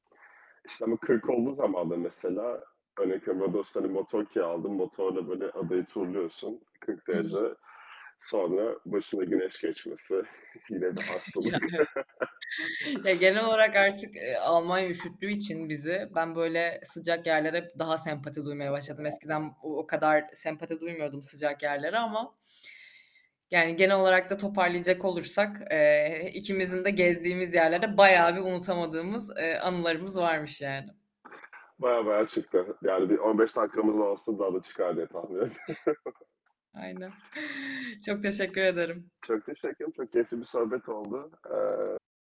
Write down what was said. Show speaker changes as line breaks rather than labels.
İşte, ama 40 olduğu zaman da mesela örnek veriyorum: Rodos'ta, hani, motor kiraladım. Motorla, böyle, adayı turluyorsun, 40
Hı hı.
derece. Sonra başına güneş geçmesi, yine bir
Ya,
hastalık.
evet. Ya, genel olarak artık, eee, Almanya üşüttüğü için bizi, ben böyle, sıcak yerlere hep daha sempati duymaya başladım. Eskiden o o kadar sempati duymuyordum sıcak yerlere ama Yani, genel olarak da toparlayacak olursak, eee, ikimizin de gezdiğimiz yerlerde, bayağı bir unutamadığımız, eee, anılarımız varmış yani.
Bayağı, bayağı çıktı, yani, bir 15 dakikamız olsun, daha da çıkar diye tahmin ediyorum.
Aynen, çok teşekkür ederim.
Çok teşekkür ederim, çok keyifli bir sohbet oldu. Eee